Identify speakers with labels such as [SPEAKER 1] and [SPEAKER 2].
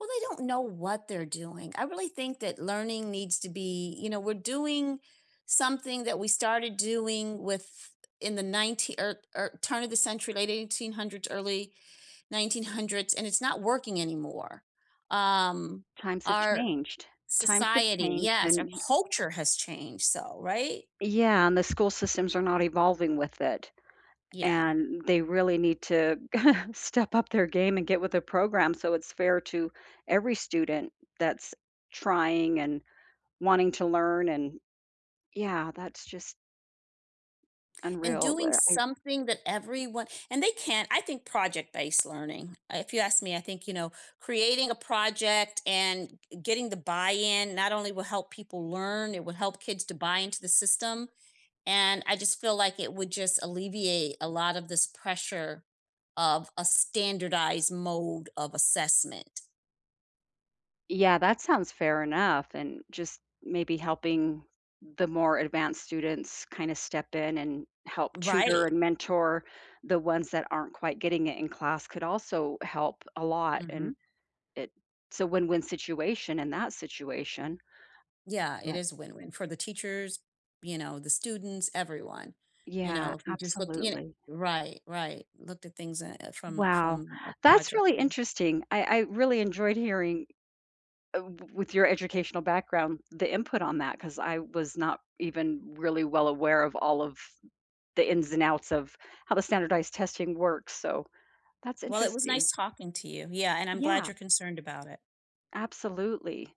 [SPEAKER 1] Well they don't know what they're doing. I really think that learning needs to be you know, we're doing something that we started doing with in the ninetee or or turn of the century, late 1800s, early 1900s, and it's not working anymore, um,
[SPEAKER 2] Times have
[SPEAKER 1] our
[SPEAKER 2] changed, times have
[SPEAKER 1] society
[SPEAKER 2] changed
[SPEAKER 1] Yes,
[SPEAKER 2] and
[SPEAKER 1] our
[SPEAKER 2] y
[SPEAKER 1] culture has changed, so right?
[SPEAKER 2] Yeah, and the school systems are not evolving with it,
[SPEAKER 1] Yeah.
[SPEAKER 2] and they really need to step up their game and get with the program so it’s fair to every student that's trying and wanting to learn and yeah that's just
[SPEAKER 1] And
[SPEAKER 2] unreal,
[SPEAKER 1] doing
[SPEAKER 2] where I
[SPEAKER 1] something that everyone and they can't I think project-based learning, uh, if you ask me, I think, you know, creating a project and g getting the buy-in not only will help people learn, it will help kids to buy into the system, and I just feel like it would just alleviate a lot of this pressure of a standardized mode of assessment.
[SPEAKER 2] Yeah, that sounds fair enough and just maybe helping the more advanced students kinda step in and help tutor
[SPEAKER 1] Right.
[SPEAKER 2] and mentor the ones that aren't quite getting it in class could also help a lot,
[SPEAKER 1] Mhm.
[SPEAKER 2] and it's a win-win situation in that situation.
[SPEAKER 1] Yeah, it
[SPEAKER 2] But
[SPEAKER 1] is win-win, for the teachers, you know, the students, everyone. You know,
[SPEAKER 2] Yeah,
[SPEAKER 1] if we just looked y
[SPEAKER 2] absolutely.
[SPEAKER 1] Right, right, looked at things, uh, uh, from
[SPEAKER 2] Wow,
[SPEAKER 1] from a
[SPEAKER 2] that's
[SPEAKER 1] project
[SPEAKER 2] really
[SPEAKER 1] view.
[SPEAKER 2] interesting. I I really enjoyed hearing, uh, w with your educational background, the input on that 'cause I was not even really well aware of all of the ins and outs of how the standardized testing works, so that's
[SPEAKER 1] Well, it was
[SPEAKER 2] interesting.
[SPEAKER 1] nice talking to you, yeah, and I'm glad
[SPEAKER 2] Yeah.
[SPEAKER 1] you're concerned about it.
[SPEAKER 2] Absolutely.